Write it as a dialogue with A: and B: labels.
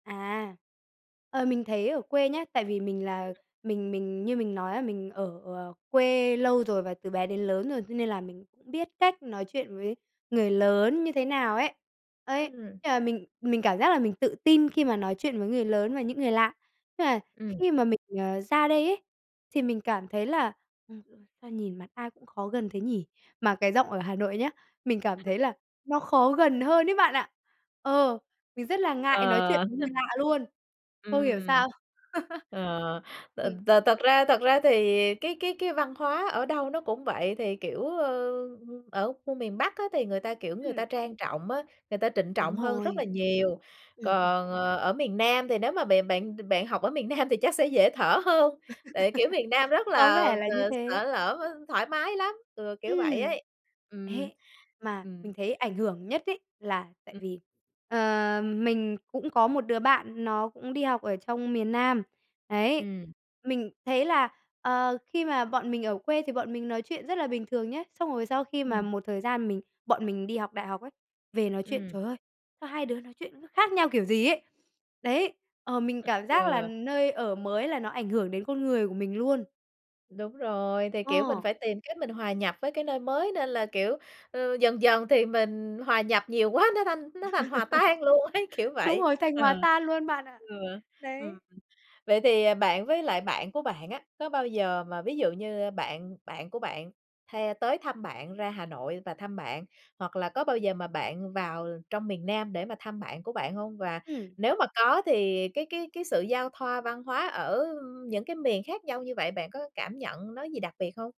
A: À, ờ, mình thấy ở quê nhá, tại vì mình là mình mình như mình nói á, mình ở, à, quê lâu rồi, và từ bé đến lớn rồi, cho nên là mình biết cách nói chuyện với người lớn như thế nào ấy. Ấy,
B: Ừm.
A: thế là mình mình cảm giác là mình tự tin khi mà nói chuyện với người lớn và những người lạ. Nhưng mà
B: Ừm.
A: khi mà mình, ờ, ra đây ấy, thì mình cảm thấy là, ừm "Sao nhìn mặt ai cũng khó gần thế nhỉ?" Mà cái giọng ở Hà Nội nhá, mình cảm thấy là nó khó gần hơn đấy bạn ạ. Ờ, mình rất là ngại nói
B: Ờ.
A: chuyện với người lạ luôn, không hiểu
B: Ừm.
A: sao.
B: Ờ, th
A: Ừm.
B: thật ra thật ra thì cái cái cái văn hóa ở đâu nó cũng vậy, thì, kiểu, ờ, ở khu miền Bắc á thì người ta, kiểu, người ta
A: Ừm.
B: trang trọng á, người ta trịnh
A: Đúng
B: trọng hơn rất
A: rồi.
B: là nhiều.
A: Ừm, ừm.
B: Còn, ờ, ở miền Nam thì nếu mà bè bạn bạn học ở miền Nam thì chắc sẽ dễ thở hơn, tại, kiểu, miền Nam rất
A: Có
B: là
A: vẻ là như thế.
B: xởi lở, thoải mái lắm, ờ, kiểu vậy
A: Ừm,
B: ấy. Ừm,
A: ấy, mà
B: ừm.
A: mình thấy ảnh hưởng nhất ấy là tại
B: Ừm.
A: vì, ờm, mình cũng có một đứa bạn nó cũng đi học ở trong miền Nam, đấy,
B: Ừm.
A: mình thấy là, ờ, khi mà bọn mình ở quê thì bọn mình nói chuyện rất là bình thường nhá, xong rồi sau khi mà
B: Ừm.
A: một thời gian mình bọn mình đi học đại học ấy, về nói chuyện,
B: Ừm.
A: trời ơi, sao hai đứa nói chuyện nó khác nhau kiểu gì ấy. Đấy, ờ, mình cảm giác là
B: Ừ.
A: nơi ở mới là nó ảnh hưởng đến con người của mình luôn.
B: Đúng rồi, thì, kiểu, mình
A: Ờ.
B: phải tìm cách mình hòa nhập với cái nơi mới, nên là, kiểu, ờ, dần dần thì mình hòa nhập nhiều quá, nó thành nó thành hòa tan luôn ấy, kiểu
A: Đúng
B: vậy.
A: rồi, thành hòa
B: Ờ,
A: tan luôn bạn ạ.
B: ừ, ừm.
A: Đấy.
B: Vậy thì, à, bạn với lại bạn của bạn á, có bao giờ mà ví dụ như bạn bạn của bạn hay tới thăm bạn, ra Hà Nội và thăm bạn, hoặc là có bao giờ mà bạn vào trong miền Nam để mà thăm bạn của bạn hông? Và
A: Ừm.
B: nếu mà có thì cái cái cái sự giao thoa văn hóa ở những cái miền khác nhau như vậy bạn có cảm nhận nó gì đặc biệt hông?